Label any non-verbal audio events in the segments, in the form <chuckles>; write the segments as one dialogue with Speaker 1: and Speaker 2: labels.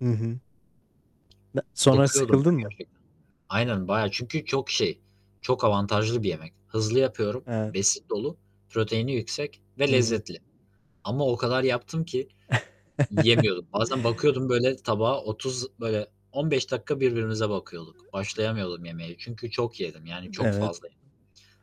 Speaker 1: Hı hı. Sonra
Speaker 2: Bakıyordum
Speaker 1: sıkıldın mı?
Speaker 2: gerçekten. Aynen bayağı, çünkü çok şey, çok avantajlı bir yemek. Hızlı yapıyorum,
Speaker 1: Evet.
Speaker 2: besin dolu, proteini yüksek
Speaker 1: Hı
Speaker 2: ve
Speaker 1: hı.
Speaker 2: lezzetli ama o kadar yaptım ki
Speaker 1: <chuckles>
Speaker 2: yiyemiyordum. Bazen bakıyordum böyle tabağı 30, böyle 15 dakika birbirimize bakıyorduk. Başlayamıyordum yemeye çünkü çok yedim, yani, çok
Speaker 1: Evet.
Speaker 2: fazla yedim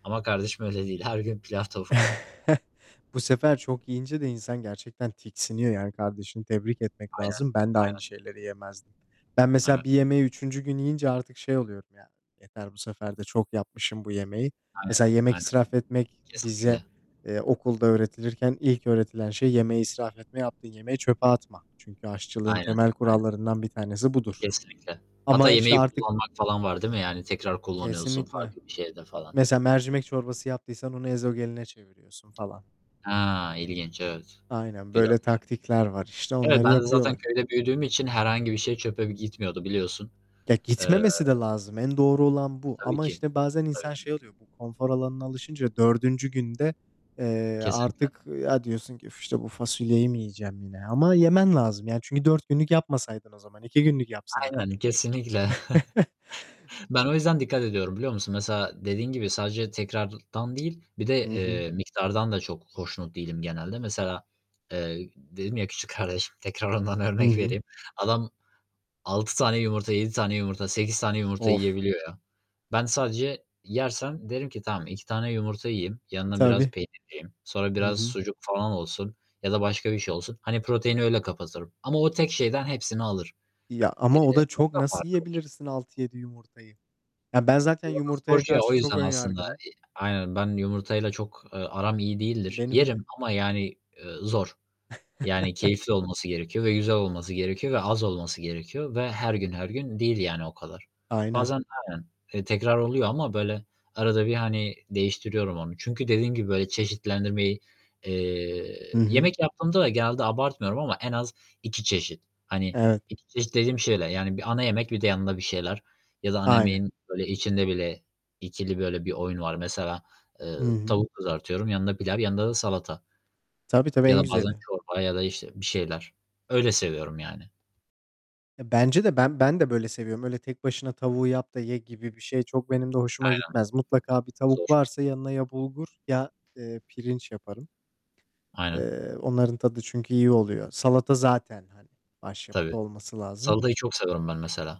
Speaker 2: ama kardeşim öyle değil. Her gün pilav tavuk.
Speaker 1: <chuckles> Bu sefer çok yiyince de insan gerçekten tiksiniyor, yani, kardeşini tebrik etmek
Speaker 2: Aynen.
Speaker 1: lazım. Ben de aynı
Speaker 2: Aynen.
Speaker 1: şeyleri yemezdim. Ben mesela
Speaker 2: Evet.
Speaker 1: bir yemeği 3. gün yiyince artık şey oluyorum yani, yeter bu sefer de çok yapmışım bu yemeği. Mesela
Speaker 2: Aynen.
Speaker 1: yemek
Speaker 2: Aynen.
Speaker 1: israf etmek bize,
Speaker 2: Kesinlikle.
Speaker 1: eee, okulda öğretilirken ilk öğretilen şey yemeği israf etme yaptığın yemeği çöpe atma. Çünkü aşçılığın
Speaker 2: Aynen.
Speaker 1: temel
Speaker 2: Aynen.
Speaker 1: kurallarından 1 tanesi budur.
Speaker 2: Kesinlikle. Hatta
Speaker 1: Ama işte
Speaker 2: yemeği
Speaker 1: artık
Speaker 2: kullanmak falan var değil mi? Yani, tekrar kullanıyorsun
Speaker 1: Kesinlikle.
Speaker 2: farklı bir şeyde falan.
Speaker 1: mesela mercimek çorbası yaptıysan onu Ezogelin'e çeviriyorsun falan.
Speaker 2: He, ilginç, evet.
Speaker 1: Aynen, böyle
Speaker 2: Güzelmiş.
Speaker 1: taktikler var, işte,
Speaker 2: Evet,
Speaker 1: onları
Speaker 2: ben zaten
Speaker 1: yapıyorlar.
Speaker 2: köyde büyüdüğüm için herhangi bir şey çöpe gitmiyordu, biliyorsun.
Speaker 1: Ya,
Speaker 2: Eee.
Speaker 1: gitmemesi de lazım. En doğru olan bu
Speaker 2: Tabii
Speaker 1: ama
Speaker 2: ki.
Speaker 1: işte bazen insan
Speaker 2: Öy
Speaker 1: şey oluyor. Bu konfor alanına alışınca 4. günde, eee,
Speaker 2: Kesinlikle.
Speaker 1: artık, ya, diyorsun ki: "Üf, işte bu fasulyeyi mi yiyeceğim yine?" Ama yemen lazım, yani, çünkü 4 günlük yapmasaydın o zaman, 2 günlük yapsaydın.
Speaker 2: Aynen, kesinlikle.
Speaker 1: <chuckles>
Speaker 2: <chuckles> Ben o yüzden dikkat ediyorum, biliyor musun? Mesela, dediğin gibi sadece tekrardan değil, bir
Speaker 1: Hı
Speaker 2: de,
Speaker 1: hı.
Speaker 2: eee, miktardan da çok hoşnut değilim genelde. Mesela, eee, dedim ya küçük kardeşim, tekrar ondan
Speaker 1: Hı
Speaker 2: örnek
Speaker 1: hı.
Speaker 2: vereyim. Adam 6 tane yumurta, 7 tane yumurta, 8 tane yumurta
Speaker 1: Of.
Speaker 2: yiyebiliyor ya. Ben sadece yersem derim ki: "Tamam, 2 tane yumurta yiyeyim. Yanına biraz
Speaker 1: Tabii.
Speaker 2: peynir yiyeyim. Sonra
Speaker 1: Hı
Speaker 2: biraz
Speaker 1: hı.
Speaker 2: sucuk falan olsun ya da başka bir şey olsun." Hani proteini öyle kapatırım ama o tek şeyden hepsini alır.
Speaker 1: Ya,
Speaker 2: Eee,
Speaker 1: ama o da çok,
Speaker 2: onun da
Speaker 1: nasıl
Speaker 2: farkı var.
Speaker 1: yiyebilirsin, 6-7 yumurtayı? Ya, ben zaten
Speaker 2: <unintelligible>
Speaker 1: yumurtaya
Speaker 2: Sporcu ya o
Speaker 1: karşı çok
Speaker 2: yüzden
Speaker 1: ön
Speaker 2: aslında,
Speaker 1: yargılıyım.
Speaker 2: iii, aynen ben yumurtayla çok, eee, aram iyi değildir.
Speaker 1: Benim de.
Speaker 2: Yerim ama yani, eee, zor. Yani,
Speaker 1: <chuckles>
Speaker 2: keyifli olması gerekiyor ve güzel olması gerekiyor ve az olması gerekiyor ve her gün, her gün değil, yani, o kadar.
Speaker 1: Aynen.
Speaker 2: Bazen aynen. Tekrar oluyor ama böyle arada bir, hani, değiştiriyorum onu çünkü dediğim gibi böyle çeşitlendirmeyi
Speaker 1: Hı
Speaker 2: Eee,
Speaker 1: hı.
Speaker 2: yemek yaptığımda da genelde abartmıyorum ama en az 2 çeşit. Hani,
Speaker 1: Evet.
Speaker 2: 2 çeşit dediğim şeyler. Yani bir ana yemek bir de yanında bir şeyler ya da ana
Speaker 1: Aynen.
Speaker 2: yemeğin böyle içinde bile 2'li böyle bir oyun var. Mesela, eee,
Speaker 1: Hı hı.
Speaker 2: tavuk kızartıyorum, yanında pilav, yanında da salata.
Speaker 1: Tabii, tabii,
Speaker 2: Ya
Speaker 1: en
Speaker 2: da bazen
Speaker 1: güzeli.
Speaker 2: çorba ya da işte bir şeyler. Öyle seviyorum yani.
Speaker 1: E, bence de ben ben de böyle seviyorum. Öyle tek başına tavuğu yap da ye gibi birşey çok benim de hoşuma
Speaker 2: Aynen,
Speaker 1: gitmez. Mutlaka bir
Speaker 2: zor.
Speaker 1: tavuk varsa yanına ya bulgur ya, eee, pirinç yaparım.
Speaker 2: Aynen.
Speaker 1: Eee, onların tadı çünkü iyi oluyor. Salata zaten, hani, başyapıt
Speaker 2: Tabii,
Speaker 1: olması lazım.
Speaker 2: salatayı çok seviyorum ben, mesela.